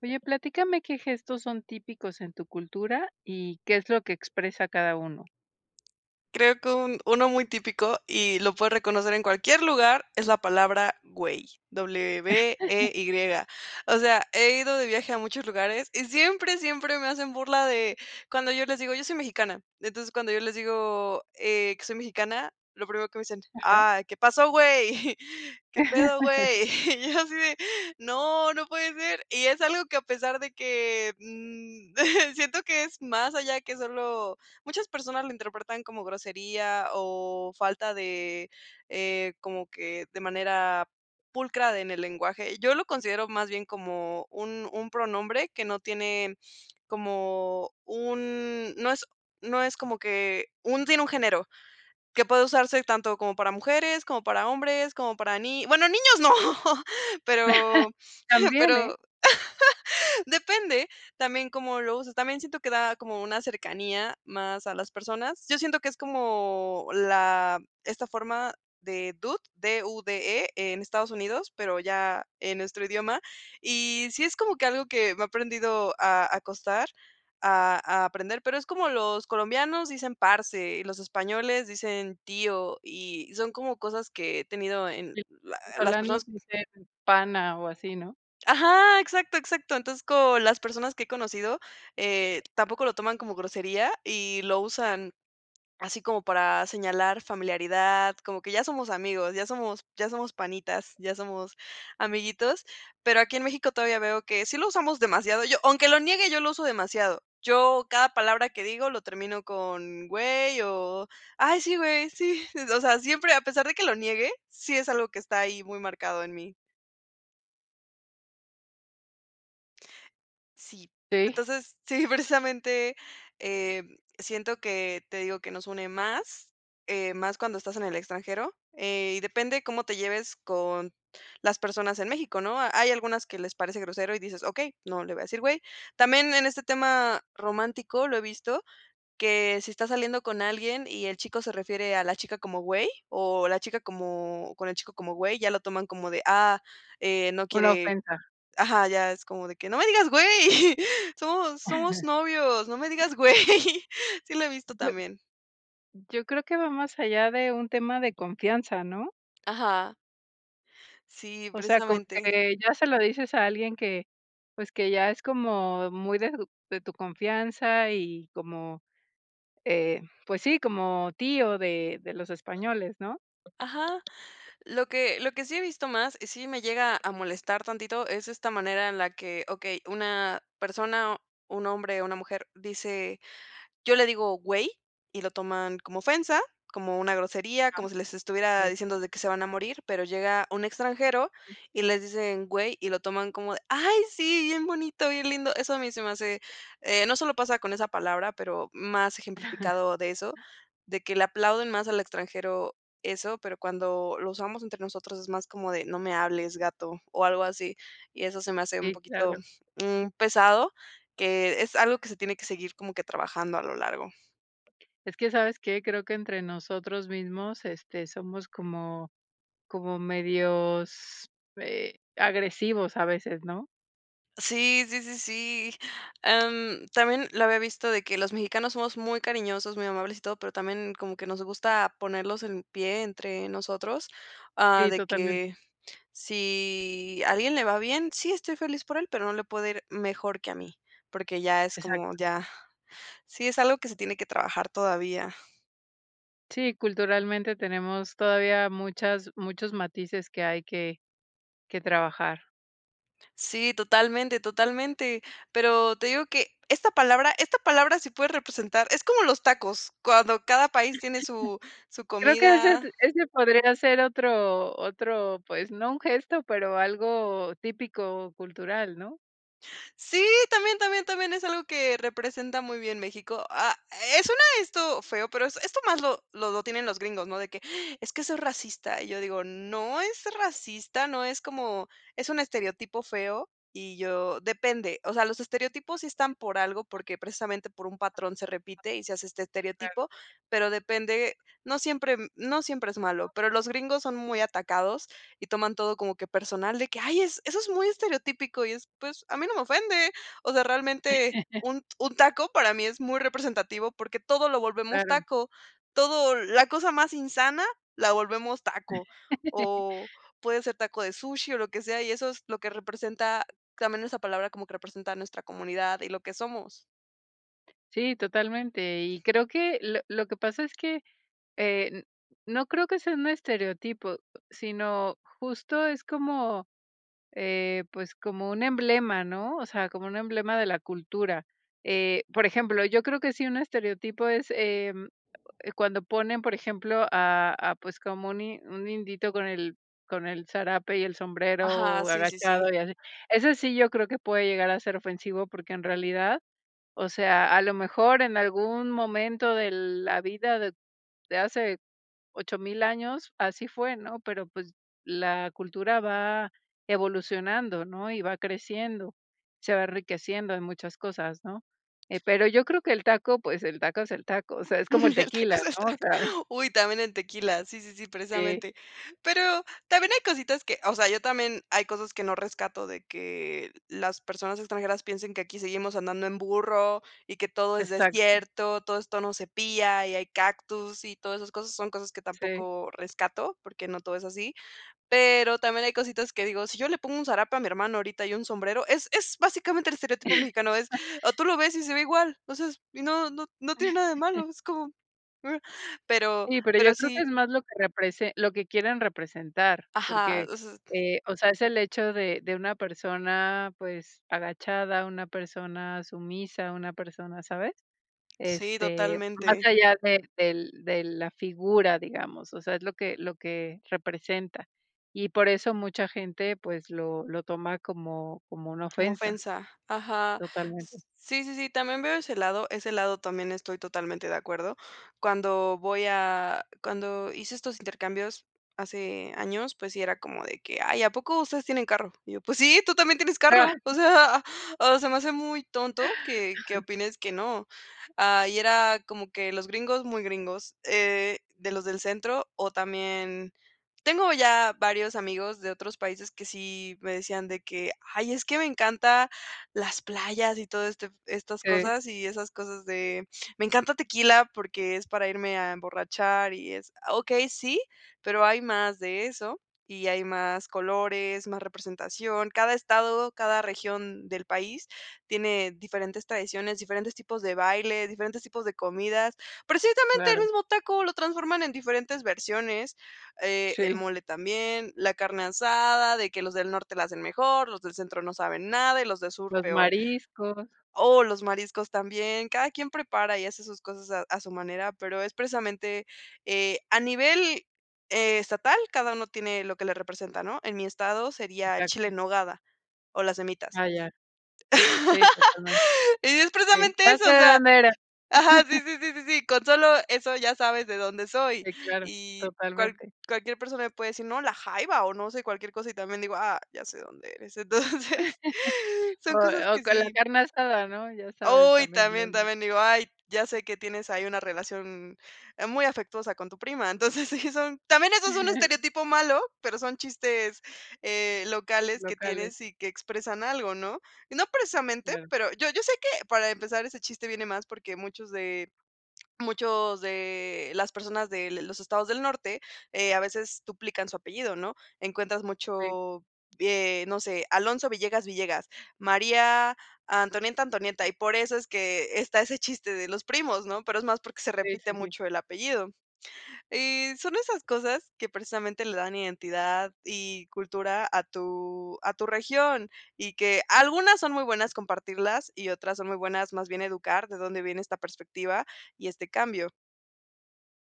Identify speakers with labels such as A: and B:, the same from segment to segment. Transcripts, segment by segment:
A: Oye, platícame, ¿qué gestos son típicos en tu cultura y qué es lo que expresa cada uno?
B: Creo que un uno muy típico y lo puedo reconocer en cualquier lugar es la palabra güey W-E-Y. O sea, he ido de viaje a muchos lugares y siempre siempre me hacen burla de cuando yo les digo yo soy mexicana. Entonces cuando yo les digo, eh, que soy mexicana, lo primero que me dicen:
A: Ajá.
B: "Ay, qué pasó, güey, qué pedo güey", y yo asi de: "No no puede ser". Y es algo que a pesar de que, mm, siento que es más allá que solo muchas personas lo interpretan como grosería o falta de, eh, como que de manera pulcra de, en el lenguaje. Yo lo considero más bien como un un pronombre que no tiene como un, no es no es como que un sin un género que puede usarse tanto como para mujeres, como para hombres como para ni bueno, ¡niños no!, pero
A: También, eh.
B: pero depende también cómo lo uses también siento que da como una cercanía más a las personas. Yo siento que es como la esta forma de dude D-U-D-E en Estados Unidos, pero ya en nuestro idioma. Y sí es como que algo que me aprendido a a costar a a aprender, pero es como los colombianos dicen parse, y los españoles dicen tío, y son como cosas que he tenido en
A: [unintelligible] Los
B: la las
A: venezolanos
B: personas
A: dicen pana o así, ¿no?
B: Ajá, exacto exacto. Entonces con las personas que he conocido, eh, tampoco lo toman como grosería y lo usan así como para señalar familiaridad, como que ya somos amigos, ya somos ya somos panitas, ya somos amiguitos, pero aquí en México todavía veo que sí lo usamos demasiado. Yo, aunque lo niegue, yo lo uso demasiado. Yo cada palabra que digo lo termino con güey o ay, sí güey, sí, o sea, siempre, a pesar de que lo niegue, sí, es algo que está ahí muy marcado en mí. Sí.
A: Sí.
B: Entonces, sí, precisamente, eh, siento que te digo que nos une más, eh, más cuando estás en el extranjero, eh, y depende cómo te lleves con las personas en México, ¿no?, hay algunas que les parece grosero y dices: "Okey, no le voy a decir güey". También en este tema romántico, lo he visto que si estás saliendo con alguien y el chico se refiere a la chica como güey o la chica como con el chico como güey, ya lo toman como de, ah, eh, no
A: Una
B: quiere
A: ofensa.
B: ajá, ya es como de que: "No me digas, güey, somos somos novios, no me digas güey". Sí, lo he visto
A: [unintelligible]
B: también.
A: Yo creo que va más allá de un tema de confianza, ¿no?
B: Ajá. Sí,
A: O sea, como
B: precisamente.
A: que ya se lo dices a alguien que, pues que ya es como muy de tu de tu confianza y como, eh, pues sí, como tío de de los españoles, ¿no?
B: Ajá. Lo que lo que sí he visto más y sí me llega a molestar tantito es esta manera en la que okey, una persona, un hombre o una mujer dice: "Yo le digo güey, y lo toman como ofensa, como una grosería,
A: Ajá,
B: como si les estuviera
A: sí.
B: diciendo de que se van a morir", pero llega un extranjero y les dicen: "Güey", y lo toman como: "Ay, sí, bien bonito, bien lindo". Eso a mí se me hace, eh, no solo pasa con esa palabra, pero más ejemplificado de eso, de que le aplauden más al extranjero eso, pero cuando lo usamos entre nosotros es más como de: "No me hables, gato", o algo así. Y eso se me hace un
A: Sí,
B: poquito,
A: claro.
B: mm, pesado, que es algo que se tiene que seguir como que trabajando a lo largo.
A: Es que, ¿sabes qué?, creo que entre nosotros mismos este somos como como medios, eh, agresivos, a veces, ¿no?
B: Sí, sí, sí, sí, am, también lo había visto de que los mexicanos somos muy cariñosos, muy amables y todo, pero también como que nos gusta ponerlos en pie entre nosotros, ah,
A: Sí,
B: de
A: totalmente.
B: que si a alguien le va bien: "Sí, estoy feliz por él, pero no le puede ir mejor que a mí", porque ya es como
A: Exacto.
B: ya, sí, es algo que se tiene que trabajar todavía.
A: Sí, culturalmente tenemos todavía muchas muchos matices que hay que, que trabajar.
B: Sí, totalmente, totalmente. Pero te digo que esta palabra esta palabra sí puede representar Es como los tacos, cuando cada país tiene su su
A: Creo que ese
B: comida.
A: t ese podría ser otro otro, pues, no un gesto, pero algo típico o cultural, ¿no?
B: Sí, también también también, es algo que representa muy bien México. Ah, eh, suena esto feo, pero es esto más lo lo lo tienen los gringos, no de que: "Es que eso es racista". Yo digo: "No es racista, no es como es un estereotipo feo", y yo depende, o sea, los estereotipos están por algo porque precisamente por un patrón se repite y se hace este
A: Sí, claro.
B: estereotipo, pero depende. No siempre, mm, no siempre es malo. Pero los gringos son muy atacados y toman todo como que personal de que: "Ay, es eso es muy estereotípico", y es pues a mí no me ofende, o sea, realmente un t un taco para mí es muy representativo porque todo lo volvemos
A: Claro.
B: taco, todo la cosa más insana la volvemos taco o puede ser taco de sushi o lo que sea, y eso es lo que representa también esa palabra como que representa nuestra comunidad y lo que somos.
A: Sí, totalmente. y creo que lo lo que pasa es que, eh, n no creo que sea un estereotipo, sino justo es como, eh, pues como un emblema, ¿no? O sea, como un emblema de la cultura, eh, por ejemplo, yo creo que sí un estereotipo es, em, eh, cuando ponen, por ejemplo, a a pues como un in un indito con el con el zarape y el
B: Ajá.
A: sombrero
B: Sí, sí, sí.
A: agachado y así. Eso sí, yo creo que puede llegar a ser ofensivo porque en realidad, o sea, a lo mejor en algún momento de la vida de de hace 8000 años, así fue, ¿no? Pero pues la cultura va evolucionando, ¿no? y va creciendo. Se va enriqueciendo en muchas cosas, ¿no? Eh, pero yo creo que el taco, pues el taco es el taco. O sea, es como el
B: El taco es
A: tequila,
B: el
A: ¿no? O
B: taco.
A: sea.
B: Uy, también el tequila. Sí, sí, sí,
A: Sí
B: precisamente, pero también hay cositas que, o sea, yo también, hay cosas que no rescato de que las personas extranjeras piensen que aquí seguimos andando en burro y que todo es
A: Exacto.
B: desierto. Todo esto, no se pilla y hay cactus y todas esas cosas son cosas que
A: Sí.
B: tampoco rescato porque no todo es así. Pero también hay cositas que digo: "Si yo le pongo un zarape a mi hermano ahorita y un sombrero es es básicamente el estereotipo mexicano", es o tú lo ves y se ve igual. O sea es y no no no tiene nada de malo. Es como pero
A: Sí, pero yo
B: pero
A: creo que
B: sí.
A: es más lo que represe lo que quieren representar
B: Ajá,
A: porque,
B: o sea
A: eh, o sea, es el hecho de de una persona, pues, agachada, una persona sumisa, una persona, ¿sabes?
B: Sí,
A: Este, más
B: totalmente.
A: allá de del de la figura, digamos. O sea, es lo que lo que representa. Y por eso mucha gente, pues lo lo toma como como una
B: Como
A: ofensa.
B: ofensa. Ajá.
A: Totalmente.
B: S sí, sí, sí, también veo ese lado. Ese lado también estoy totalmente de acuerdo. Cuando voy a cuando hice estos intercambios hace años, pues sí era como de que: "Ay, ¿a poco ustedes tienen carro?" Y yo: "Pues sí, tú también tienes carro. O sea, o se me hace muy tonto que, qué opines que no". Ah, y era como que los gringos muy gringos, eh, de los del centro o también tengo ya varios amigos de otros países que sí me decían de que: "Ay, es que me encanta las playas y todo este estas
A: Sí.
B: cosas y esas cosas de me encanta Tequila porque es para irme a emborrachar y es", ah, okey, sí, pero hay más de eso y hay más colores, más representación. Cada estado, cada región del país tiene diferentes tradiciones, diferentes tipos de baile, diferentes tipos de comidas. Precisamente el
A: Claro.
B: mismo taco lo transforman en diferentes versiones, eh, el
A: Sí.
B: mole también, la carne asada de que los del norte la hacen mejor. Los del centro no saben nada y los del sur
A: Los
B: peor.
A: mariscos.
B: Oh, los mariscos también. Cada quien prepara y hace sus cosas e a su manera, pero es precisamente, eh, a nivel estatal, cada uno tiene lo que le representa, ¿no? En mi estado sería el chile
A: Exacto.
B: en nogada. O las semitas.
A: Ah, ya. Sí, totalmente.
B: Y es
A: Sí.
B: precisamente
A: ¡Ya
B: eso,
A: se
B: o
A: de
B: sea
A: dónde eres!
B: Ajá, sí, sí, sí, sí, sí, con sólo eso ya sabes de dónde soy
A: Sí, claro,
B: y cual
A: totalmente.
B: cualquier persona me puede decir: "No, la jaiba o no sé cualquier cosita.", y también digo: "¡Ah!, ya sé dónde eres". Entonces
A: O
B: son cosas
A: o
B: que
A: con la
B: sí.
A: carne asada, ¿no?, ya sabes,
B: Oh, y
A: también de
B: también
A: dónde es.
B: también digo: "Ay, ya sé que tienes ahí una relación, eh, muy afectuosa con tu prima". Entonces, sí son también eso es un estereotipo malo, pero son chistes, eh, locales que
A: Locales.
B: tienes y que expresan algo, ¿no?, y no precisamente,
A: Claro.
B: pero yo yo sé que para empezar ese chiste viene más porque muchos de muchos de las personas de de los estados del norte, eh, a veces duplican su apellido, ¿no? Encuentras,
A: Sí.
B: mucho, eh, no sé, Alonso Villegas Villegas, María Antonieta Antonieta. Y por eso es que está ese chiste de los primos, ¿no?, pero es más porque se
A: Sí,
B: repite
A: sí, sí.
B: mucho el apellido. Y son esas cosas que precisamente le dan identidad y cultura a tu a tu región y que algunas son muy buenas compartirlas y otras son muy buenas, más bien educar de dónde viene esta perspectiva y este cambio.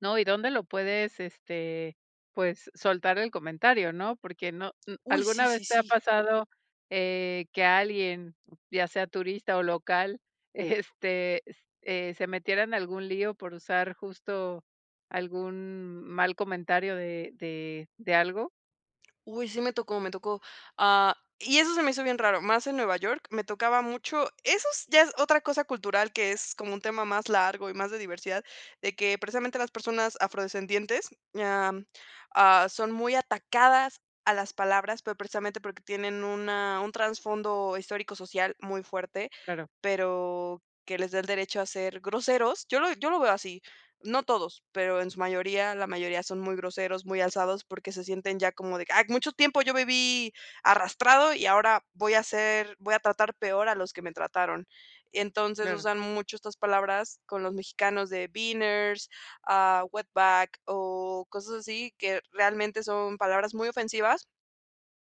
A: No, y dónde lo puedes, este, pues, soltar el comentario, ¿no? Porque no, m
B: Uy, sí,
A: ¿alguna
B: sí,
A: vez te ha
B: sí.
A: pasado, eh, que alguien, ya sea turista o local, este, s eh, se metiera en algún lío por usar justo algún mal comentario de de de algo?
B: Uy, sí me tocó, me tocó. Ah, y eso se me hizo bien raro, más en Nueva York me tocaba mucho. Eso es ya, es otra cosa cultural que es como un tema más largo y más de diversidad, que precisamente las personas afrodescendientes, am, ah, son muy atacadas a las palabras, pero precisamente porque tienen una un trasfondo histórico social muy fuerte,
A: Claro.
B: pero que les da el derecho a ser groseros yo lo yo lo veo así, no todos, pero en su mayoría, la mayoría son muy groseros, muy alzados porque se sienten ya como de que: "Ay, mucho tiempo yo viví arrastrado y ahora voy a hacer voy a tratar peor a los que me trataron". Entonces
A: Claro.
B: usan mucho estas palabras con los mexicanos de beaners, ah, wetback o cosas así que realmente son palabras muy ofensivas,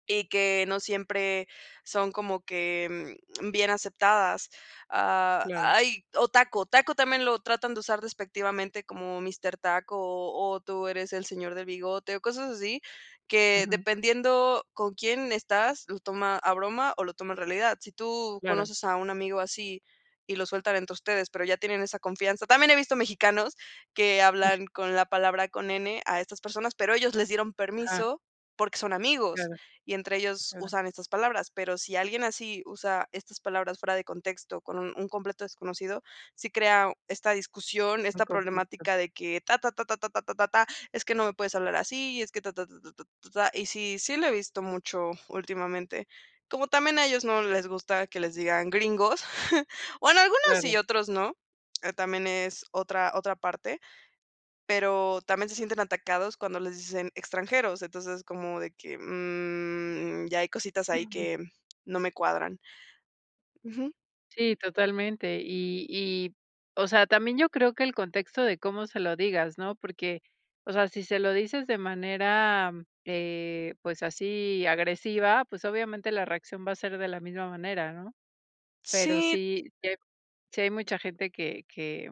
B: y que no siempre son como que, mm, bien aceptadas. Ah,
A: Claro.
B: ay, o taco, taco también lo tratan de usar despectivamente, como: "Mister Taco" o "tú eres el señor de bigote", o cosas así, que
A: Ujú.
B: dependiendo con quién estás, lo toma a broma o lo toma en realidad. Si tú
A: Claro.
B: conoces a un amigo así y lo sueltan entre ustedes, pero ya tienen esa confianza también he visto mexicanos que hablan con la palabra con "n" a estas personas, pero ellos les dieron
A: Ajá.
B: permiso porque son amigos
A: Claro.
B: y entre ellos
A: Claro.
B: usan estas palabras. Pero si alguien así usa estas palabras fuera de contexto con un un completo desconocido, sí crea esta discusión,
A: Un
B: esta
A: conflicto.
B: problemática de que: "Ta, ta, ta, ta, ta, ta, ta, ta es que no me puedes hablar así es que ta, ta, ta, ta, ta, ta, ta, ta". Y sí, sí lo he visto mucho últimamente, como también a ellos no les gusta que les digan gringos o en algunos sí y
A: Claro.
B: otros no, también es otra otra parte. Pero también se sienten atacados cuando les dicen extranjeros, entonces es como de que, mm, ya hay cositas ahí
A: Ujú.
B: que no me cuadran. Ujú.
A: Sí, totalmente, y y, o sea, también yo creo que el contexto de cómo se lo digas, ¿no?, porque, o sea, si se lo dices de manera, eh, pues, así agresiva, pues, obviamente la reacción va a ser de la misma manera, ¿no?, pero
B: Sí.
A: sí sí sí hay hay mucha gente que que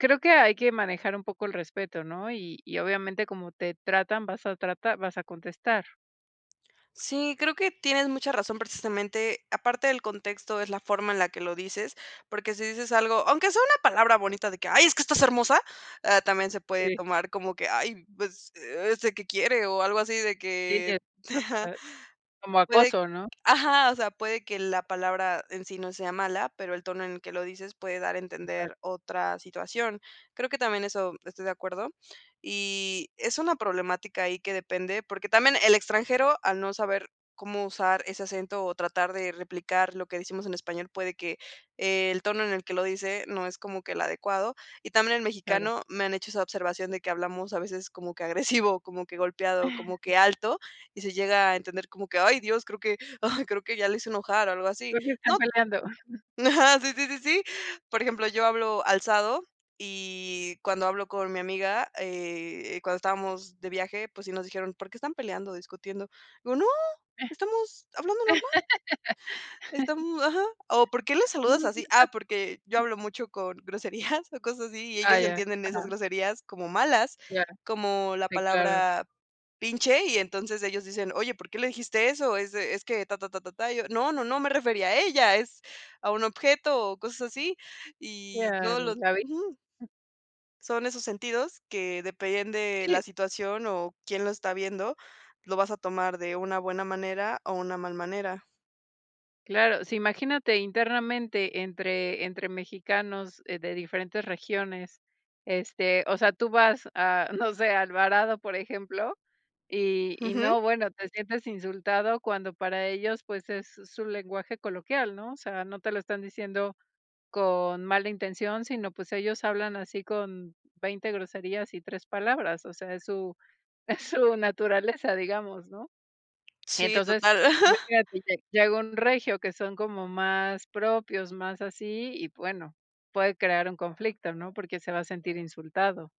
A: creo que hay que manejar un poco el respeto, ¿no?, y y obviamente como te tratan, vas a tratar vas a contestar.
B: Sí, creo que tienes mucha razón, precisamente aparte del contexto es la forma en la que lo dices porque si dices algo, aunque sea una palabra bonita de que ¡ay, es que estás hermosa! Ah, también se puede
A: Sí.
B: tomar como que ay, pues, ¿este que quiere? o algo así de
A: Sí,
B: que
A: se
B: ajá.
A: trata de como
B: Puede,
A: acoso, ¿no?
B: ajá, o sea, puede que la palabra en sí no sea mala, pero el tono en que lo dices puede dar a
A: Exacto.
B: entender otra situación. Creo que también eso estoy de acuerdo. Y es una problemática ahí que depende, porque también el extranjero, al no saber cómo usar ese acento o tratar de replicar lo que decimos en español, puede que el tono en el que lo dice no es como que el adecuado, y también el
A: Claro.
B: mexicano me han hecho esa observación de que hablamos a veces como que agresivo, como que golpeado, como que alto y se llega a entender como que ¡ay Dios! creo que creo que ya lo hice enojar o algo así.
A: ¿Por qué están
B: No,
A: peleando?
B: ajá, sí sí sí sí. Por ejemplo, yo hablo alzado y cuando hablo con mi amiga, eh, cuando estábamos de viaje, pues sí, nos dijeron, ¿por qué están peleando, discutiendo? Le digo no, estamos hablando normal. Estam ajá, o ¿por qué lo saludas así? Ah, porque yo hablo
A: [unintelligible]
B: mucho con groserías o cosas así y
A: Ah,
B: ellos
A: ya.
B: entienden de esas
A: Ajá.
B: groserías como malas,
A: Ya.
B: como la
A: Sí, claro.
B: palabra pinche y entonces ellos dicen oye, ¿por qué le dijiste eso? Es de es que ta ta ta ta ta, y yo, no no no me refería a ella, es a un objeto o cosas así y no
A: Claro,
B: lo
A: la vi.
B: ujú. Son esos sentidos que depende de la
A: Sí.
B: situación o quién lo está viendo, lo vas a tomar de una buena manera o una mal manera.
A: Claro, sí, imagínate internamente entre entre mexicanos de diferentes regiones, este, o sea, tú vas a, no sé, a Alvarado, por ejemplo, y y
B: Ujú.
A: no, bueno, te sientes insultado cuando para ellos, pues, es su lenguaje coloquial, ¿no? O sea, no te lo están diciendo con mala intención, sino pues, ellos hablan así con 20, groserías y 3, palabras, o sea, es su es su naturaleza, digamos, ¿no?
B: Sí,
A: Entonces,
B: total.
A: imagínate lle llega un regio, que son como más propios, más así y bueno, puede crear un conflicto, ¿no?, porque se va a sentir insultado.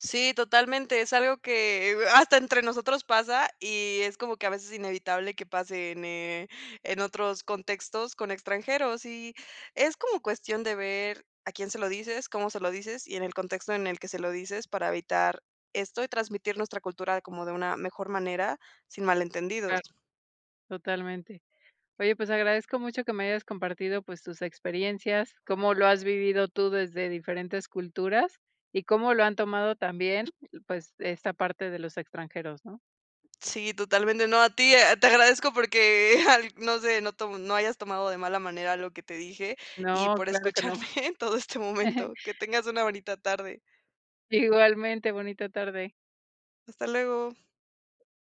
B: Sí, totalmente. Es algo que, eh, uh, hasta entre nosotros pasa y es como que, a veces, inevitable que pase en, eh, en otros contextos con extranjeros y es como cuestión de ver a quién se lo dices, cómo se lo dices y en el contexto en el que se lo dices, para evitar esto y transmitir nuestra cultura como de una mejor manera sin malentendidos.
A: Claro. Totalmente. Oye, pues, agradezco mucho que me hayas compartido, pues, tus experiencias, cómo lo has vivido tú desde diferentes culturas y cómo lo han tomado también, pues, esta parte de los extranjeros, ¿no?
B: Sí, totalmente. No a ti, eh, te agradezco, porque al no sé, no tomo no hayas tomado de mala manera lo que te dije y
A: No,
B: por
A: claro que no.
B: escucharme en todo este momento. Que tengas una bonita tarde.
A: Igualmente. Bonita tarde.
B: Hasta luego.
A: Bye